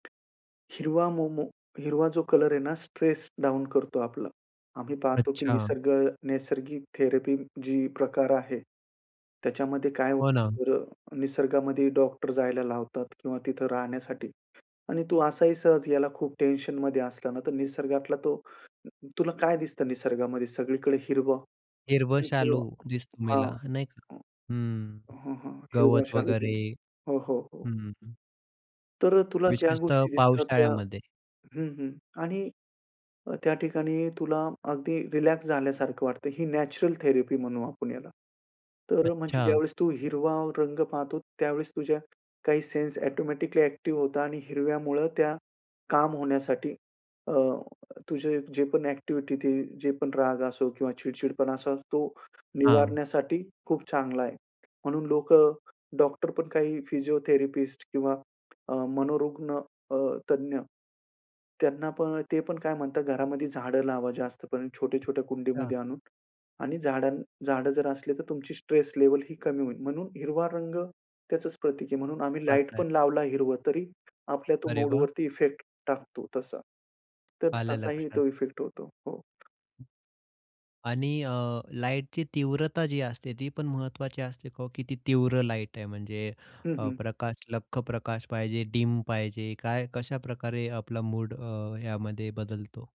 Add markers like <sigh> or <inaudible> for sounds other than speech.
हिरवा मोमो, हिरवा जो कलर आहे ना, स्ट्रेस डाउन करतो आपला. आम्ही पाहतो की अच्छा. निसर्ग नैसर्गिक थेरपी जी प्रकार आहे, त्याच्यामध्ये काय होतं हो ना. बरं, निसर्गामध्ये डॉक्टर जायला लावतात किंवा तिथं राहण्यासाठी आणि तू असाही सहज याला खूप टेन्शनमध्ये असला ना, तर निसर्गातला तो तुला काय दिसतं निसर्गामध्ये सगळीकडे हिरवं हिरवं आणि शालू हिरवं दिसतो हां. मला नाही का, हंम्म. हं, हं. हिरवा गवत शालु वगैरे, <unintelligible> हो, हो, हो. हं, हं, हं. तर अ, तुला ज्या विशेषतः गोष्टी दिसतात त्या पावसाळ्यामध्ये. हं, हं. आणि अ, त्या ठिकाणी तुला अगदी रिलॅक्स झाल्यासारखं वाटतं. ही नॅचरल थेरपी म्हणू आपण याला. तर म्हणजे अच्छा. ज्यावेळेस तू हिरवा रंग पाहतो, त्यावेळेस तुझ्या काही सेन्स ऑटोमॅटिकली अ‍ॅक्टिव्ह होतात आणि हिरव्यामुळं त्या काम होण्यासाठी अ, तुझं जे पण अ‍ॅक्टिव्हिटी ते जे पण राग असो किंवा चिडचिडपणा असा तो हां. निवारण्यासाठी खूप चांगला आहे. म्हणून लोक डॉक्टर पण काही फिजिओथेरपिस्ट किंवा अ, मनोरुग्ण, अ, तज्ञ त्यांना पण ते पण काय म्हणतात घरामध्ये झाडं लावा जास्त करून छोट्या-छोट्या अच्छा. कुंडीमध्ये आणून आणि झाडां झाडं जर असली, तर तुमची स्ट्रेस लेव्हलही कमी होईल म्हणून हिरवा रंग त्याचच प्रतीक आहे. म्हणून आम्ही उपास लाईट आहे. पण लावला हिरवं तरी आपल्या तो अरे वाह! मूडवरती इफेक्ट टाकतो तसा. तर आलं तसाही लक्षात. तो इफेक्ट होतो. हो. आणि अ, लाईटची तीव्रता जी असते, ती पण महत्वाची असते का हो, किती तीव्र लाईट आहे म्हणजे हं, अ, हं. प्रकाश लख्ख प्रकाश पाहिजे, डीम पाहिजे, काय, कशाप्रकारे आपला मूड अ, यामध्ये बदलतो?